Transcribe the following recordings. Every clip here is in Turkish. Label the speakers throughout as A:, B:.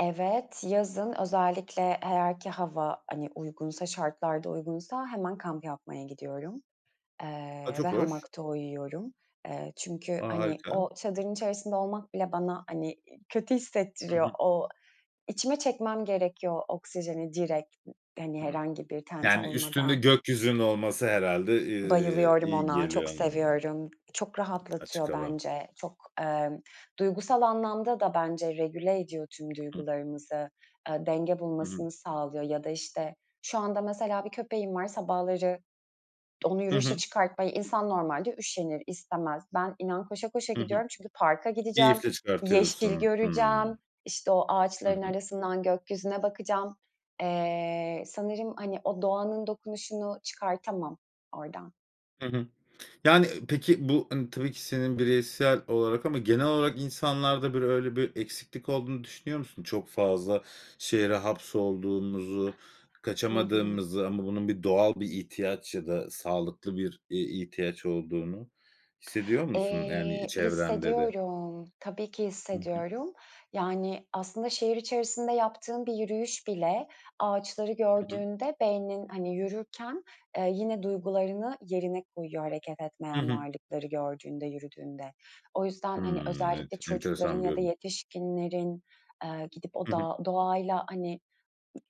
A: Evet, yazın özellikle, eee, eğer ki hava, hani, uygunsa, şartlar da uygunsa hemen kamp yapmaya gidiyorum,
B: A,
A: ııı, ve
B: çok hoş.
A: hamakta uyuyorum. Çünkü,
B: A,
A: hani,
B: harika.
A: o çadırın içerisinde olmak bile bana, hani kötü
B: Hı
A: hissettiriyor.
B: hı.
A: Oksijeni direkt içime çekmem gerekiyor, hani,
B: Hımm.
A: herhangi bir tente
B: Yani, üstünde
A: olmadan.
B: gökyüzünün olması herhâlde, ııı,
A: Bayılıyorum
B: iyi
A: ona. Çok
B: geliyor. [unintelligible]
A: seviyorum. Çok
B: Açık
A: rahatlatıyor
B: hava.
A: bence. Çok, ımm, duygusal anlamda da bence regüle ediyor tüm
B: Hı.
A: duygularımızı. Iıı, denge
B: Hı hı.
A: bulmasını sağlıyor ya da, işte, şu anda mesela bir köpeğim var. Sabahları onu
B: Hı
A: yürüyüşe
B: hı.
A: çıkartmaya insan normalde üşenir, istemez. Ben inan koşa koşa
B: Hı hı.
A: gidiyorum çünkü parka gideceğim,
B: Keyifle
A: yeşil
B: çıkartıyorsun.
A: göreceğim,
B: Hımm.
A: işte, o
B: Hı
A: ağaçların
B: hı.
A: arasından gökyüzüne bakacağım. Iıı, sanırım hani o doğanın dokunuşunu çıkartamam oradan.
B: Hı hı. Yani, ııı, peki, bu tabii ki senin bireysel olarak ama genel olarak insanlarda, hani, öyle bir eksiklik olduğunu düşünüyor musun? Çok fazla şehre hapsolduğumuzu,
A: I hı.
B: kaçamadığımızı ama bunun doğal bir ihtiyaç ya da sağlıklı bir, eee, ihtiyaç olduğunu hissediyor musun, yani,
A: Eee,
B: çevrende de?
A: hissediyorum. Tabii ki
B: Hı hı.
A: hissediyorum yani. Aslında şehir içerisinde yaptığım bir yürüyüş bile ağaçları
B: Hı hı.
A: gördüğünde beynin, hani, yürürken, ııı, yine duygularını yerine koyuyor. Hareket
B: Hı
A: etmeyen
B: hı.
A: varlıkları gördüğünde, yürüdüğünde. O yüzden, hani,
B: Imm.
A: özellikle
B: Ent
A: çocukların
B: enteresan bir
A: ya da
B: yorum.
A: yetişkinlerin, ııı, gidip o
B: Hı hı.
A: dağ doğayla hani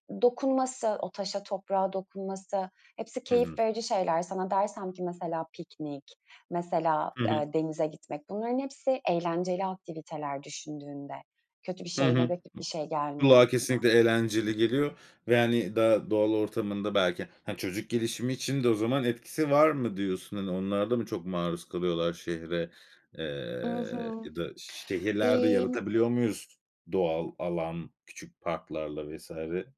A: d dokunması, o taşa toprağa dokunması, hepsi
B: Hı hı.
A: keyif verici şeyler. Sana dersem ki mesela piknik, mesela,
B: Hı hı.
A: ııı, denize gitmek, bunların hepsi eğlenceli aktiviteler düşündüğünde. Kötü bir
B: Hı
A: şey,
B: hı.
A: negatif bir şey gelmiyor
B: Kulağa
A: aklına.
B: kesinlikle eğlenceli geliyor ve hani da doğal ortamında belki, ha, çocuk gelişimi için de o zaman etkisi var mı diyorsun? Hani onlar da mı çok maruz kalıyorlar şehre,
A: I
B: ııı,
A: hı.
B: ya da şehirlerde
A: Emm
B: yaratabiliyor muyuz doğal alan küçük parklarla vs?